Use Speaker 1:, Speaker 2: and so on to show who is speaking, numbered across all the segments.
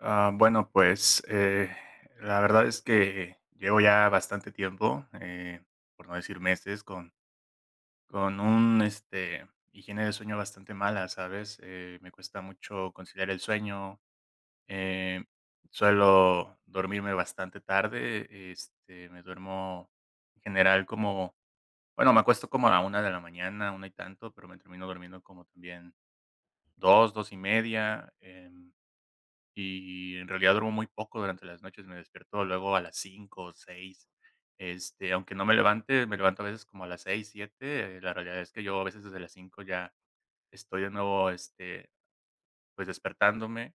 Speaker 1: Ah bueno, pues, eh, la verdad es que llevo ya bastante tiempo, eh, por no decir meses con con un, este, higiene de sueño bastante mala, ¿sabes?, eh, me cuesta mucho conciliar el sueño, eh, suelo dormirme bastante tarde, este, me duermo en general como bueno, me acuesto como a la 1 de la mañana, 1 y tanto, pero me termino durmiendo como también 2, 2:30, em, y en realidad duermo muy poco durante las noches, me despierto luego a las 5 o 6. Este, aunque no me levante, me levanto a veces como a las 6, 7. La realidad es que yo a veces desde las 5 ya estoy de nuevo, este, pues despertándome.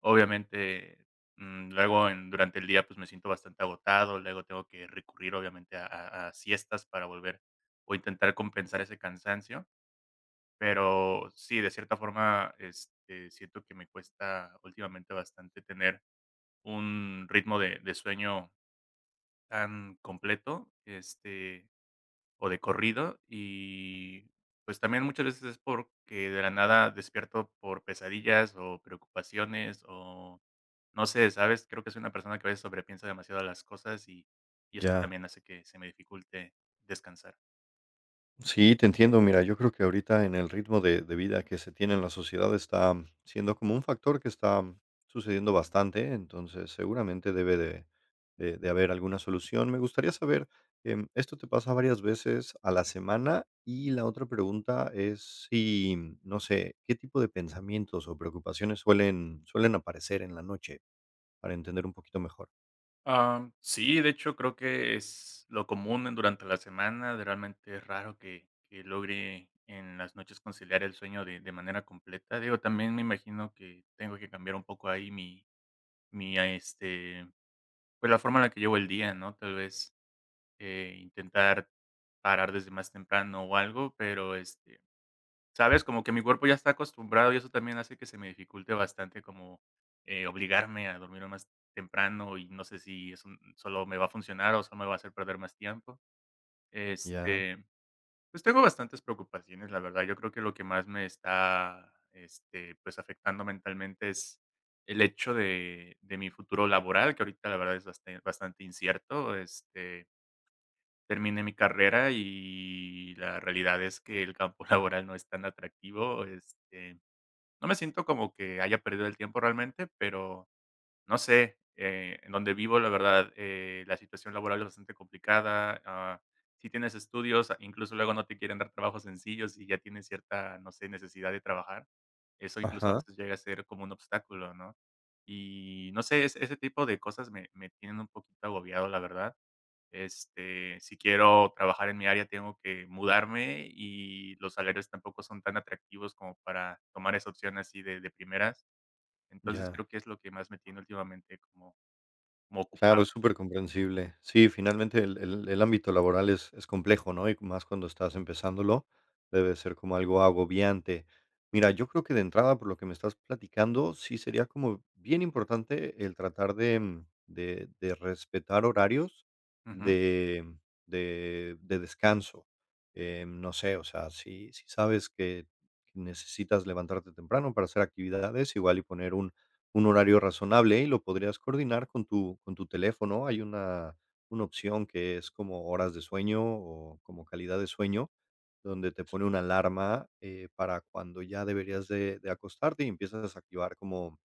Speaker 1: Obviamente, mm, luego, em, durante el día pues me siento bastante agotado, luego tengo que recurrir obviamente a a a siestas para volver o intentar compensar ese cansancio, pero sí, de cierta forma, este, siento que me cuesta últimamente bastante tener un ritmo de de sueño, am, completo, este, o de corrido y pues también muchas veces es porque de la nada despierto por pesadillas o preocupaciones o, no sé, ¿sabes? Creo que soy una persona que a veces sobre piensa demasiado las cosas y, y eso
Speaker 2: Ya.
Speaker 1: también hace que se me dificulte descansar.
Speaker 2: Sí, te entiendo. Mira, yo creo que ahorita, en el ritmo de de vida, que se tiene en la sociedad, está siendo como un factor, que está sucediendo bastante. Entonces, seguramente, debe de de de haber alguna solución. Me gustaría saber, em, ¿esto te pasa, varias veces a la semana? Y, la otra pregunta es, si, no sé. ¿Qué tipo de pensamientos o preocupaciones, suelen suelen aparecer en la noche? Para entender, un poquito mejor.
Speaker 1: Am, sí, de hecho, creo que es lo común, en durante la semana. Realmente, es raro que que logre en las noches, conciliar el sueño, de de manera completa. Digo, también me imagino, que tengo que cambiar un poco, ahí, mi mi, este, pues, la forma en la que llevo el día, ¿no? Tal vez, eh, intentar parar desde más temprano, o algo. Pero, este, ¿sabes?, como que mi cuerpo ya está acostumbrado, y eso también, hace que se me dificulte bastante, como, eh, obligarme a dormirme más temprano, y no sé si es un sólo me va a funcionar, o solo me va a hacer perder más tiempo.
Speaker 2: Ya.
Speaker 1: Este, pues tengo bastantes preocupaciones, la verdad. Yo creo que lo que más me está, este, pues, afectando mentalmente, es el hecho de de mi futuro laboral, que ahorita, la verdad, es basten bastante incierto. Este terminé mi carrera, y, la realidad es que, el campo laboral no es tan atractivo, este, no me siento, como que haya perdido el tiempo, realmente, pero, no sé. Eh, en dónde vivo, la verdad, eh, la situación laboral es bastante complicada. Ah, si tienes estudios, incluso, luego no te quieren dar trabajos sencillos, y ya tienes, cierta, no sé, necesidad de trabajar. Eso incluso, a
Speaker 2: Ajá.
Speaker 1: veces llega a ser como un obstáculo, ¿no? Y, no sé, es ese tipo de cosas, me me tienen un poquito agobiado, la verdad. Este, si quiero trabajar en mi área, tengo que mudarme, y los salarios tampoco son tan atractivos, como para tomar esa opción, así de de primeras. Entonces,
Speaker 2: Ya.
Speaker 1: creo que es lo que más me tiene, últimamente, como como
Speaker 2: Claro, es
Speaker 1: ocupado.
Speaker 2: súper comprensible. Sí, finalmente, el el el ámbito laboral, es es complejo, ¿no? Y más, cuando estás empezándolo, debe ser como algo agobiante. Mira, yo creo que, de entrada, por lo que me estás platicando, sí sería como bien importante, el tratar de, mm, de de respetar horarios,
Speaker 1: Ujú.
Speaker 2: de de de descanso. Em, no sé, o sea, si si sabes que que necesitas levantarte temprano, para hacer actividades, igual y poner un un horario razonable, y lo podrías coordinar con tu con tu teléfono. Hay una una opción, que es como horas de sueño, o como calidad de sueño, donde te
Speaker 1: Sí.
Speaker 2: pone una alarma, eh, para cuando ya deberías de de acostarte. Y empiezas a desactivar como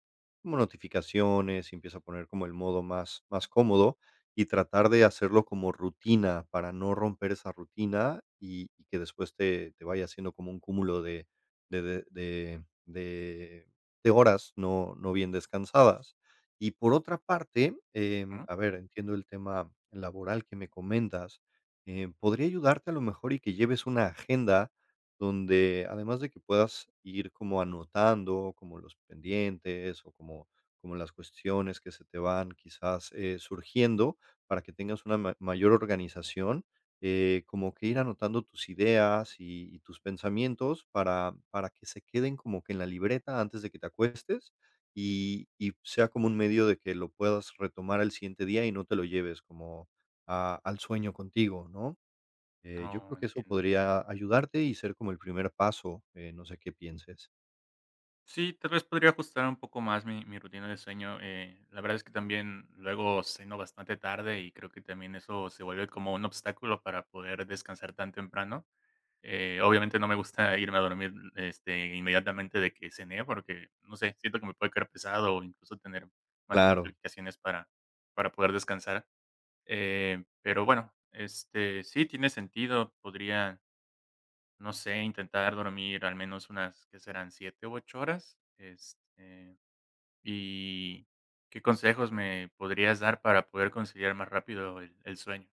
Speaker 2: como notificaciones. Y, empieza a poner como el modo, más más cómodo. Y tratar de hacerlo, como rutina, para no romper esa rutina. Y y que después, te te vaya haciendo, como un cúmulo de de de de de de horas, no no bien descansadas. Y por otra parte, em,
Speaker 1: Ujú.
Speaker 2: a ver, entiendo el tema laboral, que me comentas. Em, podría ayudarte, a lo mejor, y que lleves una agenda, donde además, de que puedas ir como anotando, como los pendientes, o como como las cuestiones que se te van quizás, eh, surgiendo, para que tengas una ma mayor organización. Eh, como que ir, anotando tus ideas, y y tus pensamientos, para para que se queden, como que en la libreta, antes de que te acuestes. Y y pues sea como un medio, de que lo puedas retomar al siguiente día, y no te lo lleves, como a al sueño contigo, ¿no? Eh, yo
Speaker 1: Oh,
Speaker 2: creo que eso
Speaker 1: entiendo.
Speaker 2: podría ayudarte, y ser como el primer paso. Eh, no sé qué pienses.
Speaker 1: Sí, tal vez podría ajustar un poco más mi mi rutina de sueño, eh, la verdad es que también luego ceno bastante tarde y creo que también eso se vuelve como un obstáculo para poder descansar tan temprano, eh, obviamente no me gusta irme a dormir, este, inmediatamente de que cené porque, no sé, siento que me puede quedar pesado o incluso tener más
Speaker 2: Claro.
Speaker 1: complicaciones para para poder descansar, eh, pero bueno, este, sí tiene sentido, podría, no sé, intentar dormir al menos unas, ¿qué serán 7 u 8 horas?, este, y, ¿qué consejos me podrías dar para poder conciliar más rápido el el sueño?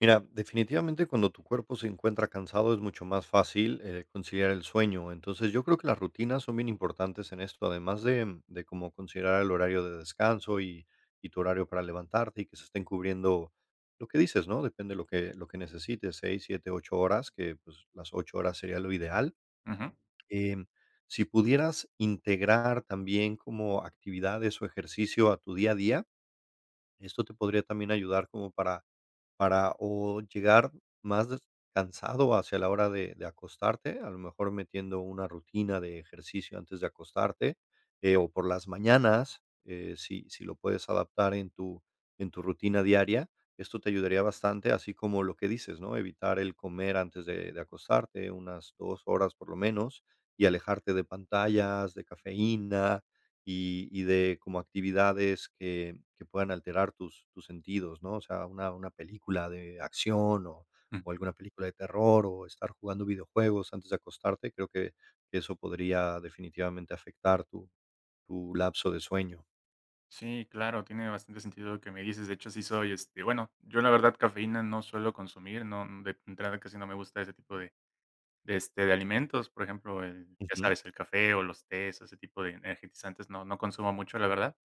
Speaker 2: Mira, definitivamente cuando tu cuerpo se encuentra cansado es mucho más fácil, eh, conciliar el sueño. Entonces yo creo que las rutinas son bien importantes en esto, además de de como considerar el horario de descanso y y tu horario para levantarte y que se estén cubriendo lo que dices, ¿no?, depende de lo que lo que necesites, 6, 7, 8 horas, que pues las 8 horas sería lo ideal,
Speaker 1: Ujú.
Speaker 2: em, si pudieras integrar también como actividades o ejercicio a tu día a día, esto te podría también ayudar como para para o llegar más des cansado hacia la hora de de acostarte, a lo mejor metiendo una rutina de ejercicio antes de acostarte, eh, o por las mañanas, eh, sí sí lo puedes adaptar en tu en tu rutina diaria. Esto te ayudaría bastante, así como lo que dices, ¿no? Evitar el comer antes de de acostarte, una 2 horas por lo menos y alejarte de pantallas, de cafeína y y de como actividades que que puedan alterar tus tus sentidos, ¿no? O sea, una una película de acción o
Speaker 1: Mm.
Speaker 2: o alguna película de terror o estar jugando videojuegos antes de acostarte. Creo que eso podría definitivamente afectar tu tu lapso de sueño.
Speaker 1: Sí, claro, tiene bastante sentido lo que me dices. De hecho, sí soy, este, bueno, yo la verdad, cafeína no suelo consumir, no de entrada casi no me gusta ese tipo de de este, de alimentos, por ejemplo, eh, ya
Speaker 2: Ujú.
Speaker 1: sabes, el café o los tés o ese tipo de energizantes no no consumo mucho, la verdad,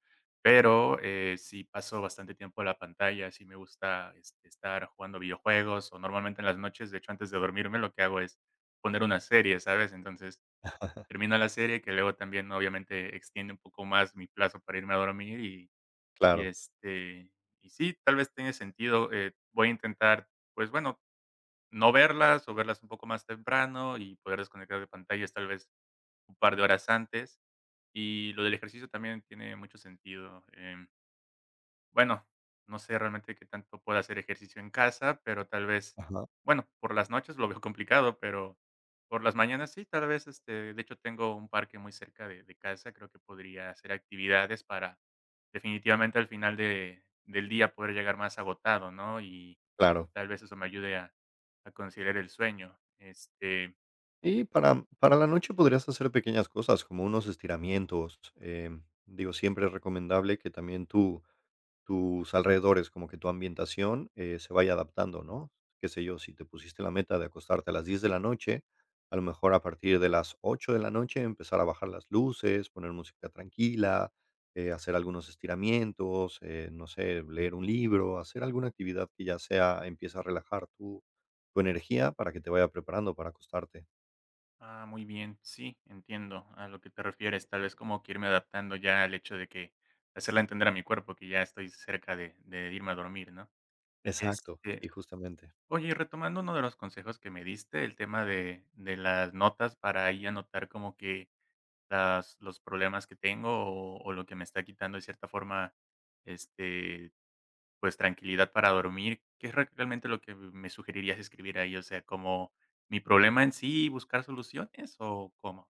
Speaker 1: pero, eh, sí paso bastante tiempo en la pantalla, sí me gusta es estar jugando videojuegos o normalmente en las noches, de hecho, antes de dormirme, lo que hago es poner una serie, ¿sabes? Entonces, termina la serie, que luego también obviamente extiende un poco más mi plazo para irme a dormir y y
Speaker 2: Claro.
Speaker 1: este, y sí, tal vez tenga sentido, eh, voy a intentar, pues bueno, no verlas o verlas un poco más temprano y poder desconectar de pantallas, tal vez, un par de horas antes, y lo del ejercicio también tiene mucho sentido, em Bueno, no sé realmente qué tanto pueda hacer ejercicio en casa, pero tal vez,
Speaker 2: Ajá.
Speaker 1: bueno, por las noches lo veo complicado, pero por las mañanas sí, tal vez, este, de hecho, tengo un parque muy cerca de de casa. Creo que podría hacer actividades para definitivamente al final de del día poder llegar más agotado, ¿no?, y,
Speaker 2: Claro.
Speaker 1: tal vez eso me ayude a a conciliar el sueño, este
Speaker 2: Y para, mm, para la noche podrías hacer pequeñas cosas, como unos estiramientos, em, digo, siempre es recomendable que también tu tus alrededores, como que tu ambientación, eh, se vaya adaptando, ¿no? Qué sé yo, si te pusiste la meta de acostarte a las 10 de la noche, a lo mejor a partir de las 8 de la noche empezar a bajar las luces, poner música tranquila, eh, hacer algunos estiramientos, eh, no sé, leer un libro, hacer alguna actividad que ya sea, empieza a relajar tu tu energía para que te vaya preparando para acostarte.
Speaker 1: Ah muy bien, sí, entiendo a lo que te refieres, tal vez como que irme adaptando ya al hecho de que, hacerla entender a mi cuerpo que ya estoy cerca de de irme a dormir, ¿no?
Speaker 2: Exacto
Speaker 1: Este
Speaker 2: y justamente.
Speaker 1: oye, y retomando uno de los consejos que me diste, el tema de de las notas para ahí anotar como que las los problemas que tengo o o lo que me está quitando de cierta forma, este, pues tranquilidad para dormir, ¿qué es reac realmente lo que me me sugerirías?, ¿escribir ahí, o sea, como mi problema en sí y buscar soluciones?, o, ¿cómo?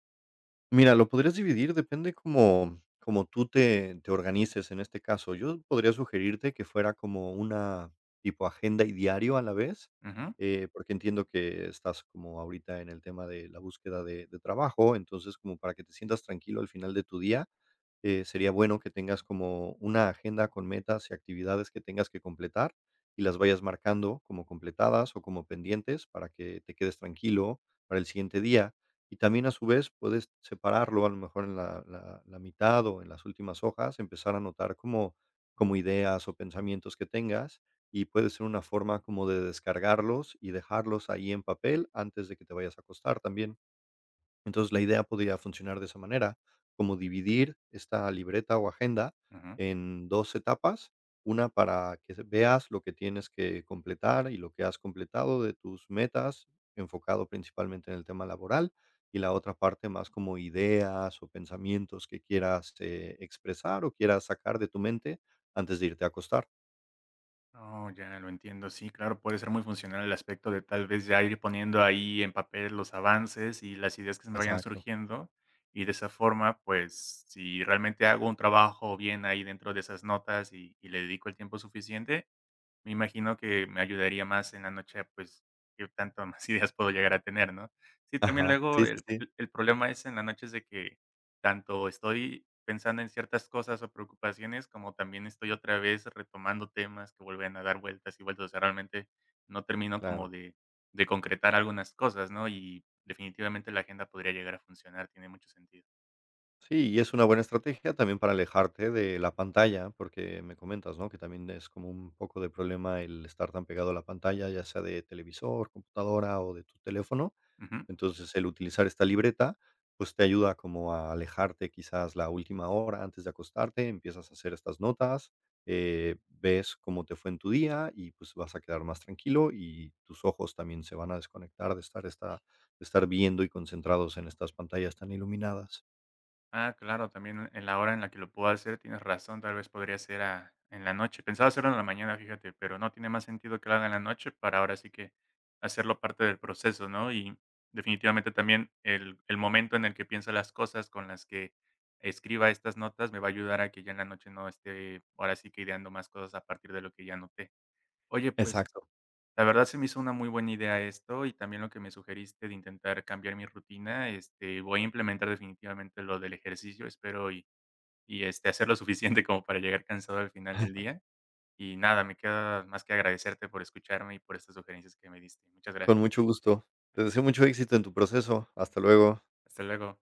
Speaker 2: Mira, lo podrías dividir. Depende como como tú te te organices en este caso, yo podría sugerirte que fuera como una tipo agenda y diario a la vez,
Speaker 1: Ujú.
Speaker 2: eh, porque entiendo que estás como ahorita en el tema de la búsqueda de de trabajo. Entonces, como para que te sientas tranquilo al final de tu día, eh, sería bueno que tengas como una agenda con metas y actividades que tengas que completar y las vayas marcando como completadas o como pendientes para que te quedes tranquilo para el siguiente día, y también a su vez, puedes separarlo a lo mejor en la la la mitad o en las últimas hojas, empezar a anotar como como ideas o pensamientos que tengas y puede ser una forma como de descargarlos y dejarlos ahí en papel antes de que te vayas a acostar también, entonces la idea podría funcionar de esa manera, como dividir esta libreta o agenda
Speaker 1: Ujú.
Speaker 2: en dos etapas, una para que se veas lo que tienes que completar y lo que has completado de tus metas enfocado principalmente en el tema laboral y la otra parte más como ideas o pensamientos que quieras, eh, expresar o quieras sacar de tu mente antes de irte a acostar.
Speaker 1: Oh, ya lo entiendo. Sí, claro, puede ser muy funcional el aspecto de tal vez ya ir poniendo ahí en papel los avances y las ideas que se me vayan
Speaker 2: Exacto.
Speaker 1: surgiendo y de esa forma, pues, si realmente hago un trabajo bien ahí dentro de esas notas y y le dedico el tiempo suficiente, me imagino que me ayudaría más en la noche, pues, que tanto más ideas puedo llegar a tener, ¿no? Sí, también
Speaker 2: Ajá.
Speaker 1: luego
Speaker 2: Sí, sí,
Speaker 1: el
Speaker 2: sí.
Speaker 1: el problema es en la noche, es de que tanto estoy pensando en ciertas cosas o preocupaciones, como también estoy otra vez retomando temas que vuelven a dar vueltas y vueltas. O sea, realmente no termino
Speaker 2: Claro.
Speaker 1: como de de concretar algunas cosas, ¿no? Y definitivamente la agenda podría llegar a funcionar, tiene mucho sentido.
Speaker 2: Sí, y es una buena estrategia también para alejarte de la pantalla, porque me comentas, ¿no?, que también es como un poco de problema el estar tan pegado a la pantalla, ya sea de televisor, computadora o de tu teléfono.
Speaker 1: Ujú.
Speaker 2: Entonces, el utilizar esta libreta, pues, te ayuda como a alejarte quizás la última hora antes de acostarte, empiezas a hacer estas notas, eh, ves cómo te fue en tu día y, pues, vas a quedar más tranquilo y tus ojos también se van a desconectar de estar esta de estar viendo y concentrados en estas pantallas tan iluminadas.
Speaker 1: Ah, claro, también en la hora en la que lo puedo hacer. Tienes razón, tal vez podría ser a en la noche, pensaba hacerlo en la mañana, fíjate, pero no, tiene más sentido que lo haga en la noche para ahora sí que hacerlo parte del proceso, ¿no?, y definitivamente también el el momento en el que piensa las cosas con las que escriba estas notas me va a ayudar a que ya en la noche no esté, ahora sí que ideando más cosas a partir de lo que ya anoté. Oye, pues,
Speaker 2: Exacto.
Speaker 1: la verdad se me hizo una muy buena idea esto y también lo que me sugeriste de intentar cambiar mi rutina, este, voy a implementar definitivamente lo del ejercicio, espero y y este, hacer lo suficiente como para llegar cansado al final del día, y nada, me queda más que agradecerte por escucharme y por estas sugerencias que me diste. Muchas gra
Speaker 2: Con mucho gusto. Te deseo mucho éxito en tu proceso. Hasta luego.
Speaker 1: Hasta luego.